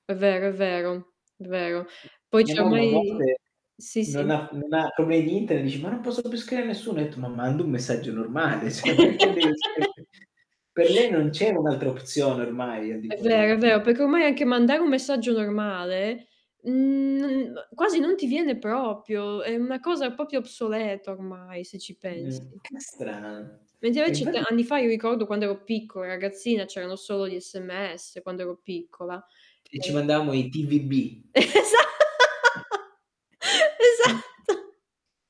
È vero, è vero. D vero. Poi Mia cioè mo mamma a i volte sì non sì. ha f non ha [unintelligible] dici: "Ma non posso più scrivere a nessuno?". Etto ma mando un messaggio normale, cioè perché devi sempre per lei non c'era un'altra opzione, ormai, al di È fuori di vero, è vero, [unintelligible] perché ormai anche mandare un messaggio normale, uhm, [unintelligible] quasi non ti viene proprio, è una cosa proprio obsoleta ormai, se ci Mh, pensi. che strana. Mentre E invece t infatti anni fa, io ricordo quando ero piccola e ragazzina, c'erano solo gli sms, quando ero piccola, E e ci mandavamo i TVB. Esa esatto.